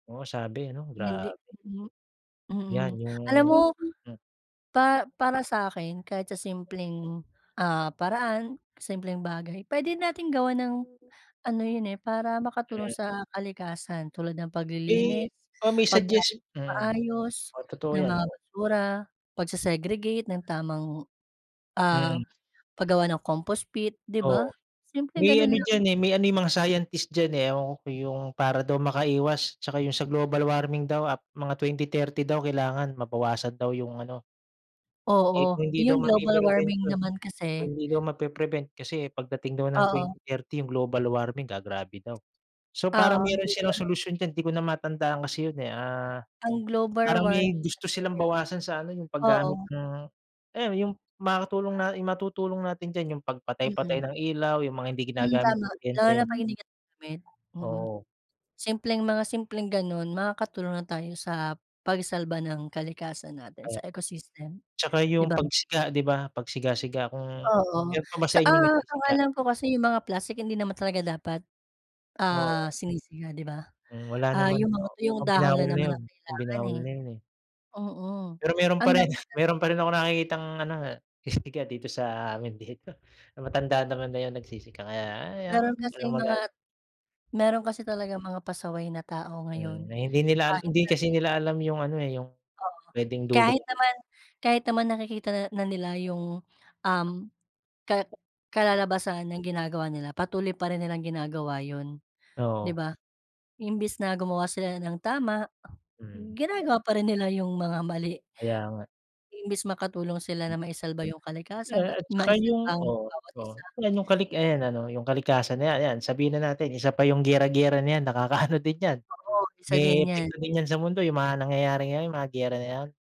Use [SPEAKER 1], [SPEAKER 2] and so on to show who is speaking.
[SPEAKER 1] Oo, sabi ano,
[SPEAKER 2] Hindi,
[SPEAKER 1] grabe.
[SPEAKER 2] hmm, mm.
[SPEAKER 1] Yan
[SPEAKER 2] Alam mo
[SPEAKER 1] yung m
[SPEAKER 2] pa para sa'kin kahit sa simpleng, ah, paraan simpleng bagay p'wede nating gawan ng ano yun, eh, para makatulong
[SPEAKER 1] Mm.
[SPEAKER 2] sa kalikasan tulad ng
[SPEAKER 1] Eh,
[SPEAKER 2] paglilinis,
[SPEAKER 1] baka
[SPEAKER 2] pagtapon
[SPEAKER 1] mai-suggest
[SPEAKER 2] ng
[SPEAKER 1] mm,
[SPEAKER 2] maayos
[SPEAKER 1] oo, totoo
[SPEAKER 2] ng
[SPEAKER 1] yan,
[SPEAKER 2] mga
[SPEAKER 1] oo.
[SPEAKER 2] basura, pagse-segregate ng tamang, ah,
[SPEAKER 1] Mm.
[SPEAKER 2] paggawa ng compost pit, 'di ba?
[SPEAKER 1] Oo,
[SPEAKER 2] Simpleng
[SPEAKER 1] may
[SPEAKER 2] ganun
[SPEAKER 1] ano
[SPEAKER 2] lang.
[SPEAKER 1] diyan, eh, may ano yang mga scientist diyan, eh, ewan ko yung para daw makaiwas, 'tsaka yung sa global warming daw ap mga 2030 daw kailangan mabawasan daw yung ano. Eh,
[SPEAKER 2] Oo,
[SPEAKER 1] kung hindi daw
[SPEAKER 2] yung global warming
[SPEAKER 1] mapi-prevention yun,
[SPEAKER 2] naman
[SPEAKER 1] kung
[SPEAKER 2] kasi
[SPEAKER 1] hindi daw mapi-prevent kasi pagdating daw ng
[SPEAKER 2] Oo.
[SPEAKER 1] 2030 yung global warming gagrabe daw. So, parang
[SPEAKER 2] Oo,
[SPEAKER 1] meron silang
[SPEAKER 2] [unintelligible]
[SPEAKER 1] solusyon diyan hindi ko na matandaan kasi yun, eh. Ah,
[SPEAKER 2] Ang global
[SPEAKER 1] parang
[SPEAKER 2] warming
[SPEAKER 1] may gusto silang
[SPEAKER 2] kasi
[SPEAKER 1] bawasan sa ano yung paggamit
[SPEAKER 2] oo.
[SPEAKER 1] ng, eh, yung makatulong na, yung matutulong natin diyan yung pagpatay-patay
[SPEAKER 2] Mm.
[SPEAKER 1] ng ilaw, yung mga hindi
[SPEAKER 2] Mm,
[SPEAKER 1] ginagamit na
[SPEAKER 2] tama
[SPEAKER 1] kuryente.
[SPEAKER 2] lalo na 'pag hindi ka [unintelligible] mm.
[SPEAKER 1] Oo.
[SPEAKER 2] Simpleng mga, simpleng ganun makakatulong na tayo sa pagsalba ng kalikasan natin,
[SPEAKER 1] [unintelligible]
[SPEAKER 2] sa ecosystem,
[SPEAKER 1] 'tsaka
[SPEAKER 2] 'di
[SPEAKER 1] yung
[SPEAKER 2] ba?
[SPEAKER 1] pagsiga, 'di ba? Pag siga-siga kung,
[SPEAKER 2] Oo
[SPEAKER 1] meron pa ba
[SPEAKER 2] sa,
[SPEAKER 1] sa inyo
[SPEAKER 2] ah, ang
[SPEAKER 1] nagsisiga?
[SPEAKER 2] alam ko kasi yung mga plastik hindi naman talaga dapat,
[SPEAKER 1] Oo.
[SPEAKER 2] ah, sinisiga, 'di ba?
[SPEAKER 1] Hmm, wala
[SPEAKER 2] Ah,
[SPEAKER 1] naman,
[SPEAKER 2] yung mga tuyong
[SPEAKER 1] ah,
[SPEAKER 2] dahon
[SPEAKER 1] binawal
[SPEAKER 2] lang
[SPEAKER 1] na
[SPEAKER 2] naman
[SPEAKER 1] yun
[SPEAKER 2] ang kailangan,
[SPEAKER 1] binawal
[SPEAKER 2] eh.
[SPEAKER 1] na yun, eh.
[SPEAKER 2] Oo,
[SPEAKER 1] Pero meron
[SPEAKER 2] ang
[SPEAKER 1] pa rin,
[SPEAKER 2] dapat natin
[SPEAKER 1] meron pa rin akong nakikitang ano, nagsisiga dito sa amin, dito na matandaan naman na yung nagsisiga, kaya hayaan mo
[SPEAKER 2] Meron
[SPEAKER 1] na walang
[SPEAKER 2] kasing mga,
[SPEAKER 1] magag
[SPEAKER 2] meron kasi talagang mga pasaway na tao
[SPEAKER 1] Hmm,
[SPEAKER 2] ngayon
[SPEAKER 1] na hindi nila ala
[SPEAKER 2] kahit hindi
[SPEAKER 1] hindi kasi
[SPEAKER 2] natin
[SPEAKER 1] nila alam yung ano, eh, yung
[SPEAKER 2] Oo,
[SPEAKER 1] p'wedeng dulot.
[SPEAKER 2] kahit naman kahit naman nakikita nil na nila yung, um, ka kalalabasan ng ginagawa nila patuloy pa rin nilang ginagawa yun, 'di
[SPEAKER 1] Oo.
[SPEAKER 2] ba? Imbes na gumawa sila ng tama
[SPEAKER 1] Mm.
[SPEAKER 2] ginagawa pa rin nila yung mga mali.
[SPEAKER 1] Kaya nga.
[SPEAKER 2] Imbes makatulong sila na maisalba yung kalikasan
[SPEAKER 1] Yeah,
[SPEAKER 2] ma
[SPEAKER 1] at saka
[SPEAKER 2] maisalba
[SPEAKER 1] yung,
[SPEAKER 2] ang
[SPEAKER 1] oh,
[SPEAKER 2] bawat
[SPEAKER 1] oh,
[SPEAKER 2] isa.
[SPEAKER 1] yan yung kali ayan ano yung kalikasan ayan, ayan sabihin na natin isa pa yung giyera-giyera na yan nakakaano din yan,
[SPEAKER 2] Oo, isa din
[SPEAKER 1] may
[SPEAKER 2] yan.
[SPEAKER 1] epekto din yan sa mundo yung mga nangyayari ngayon mga giyera na yan.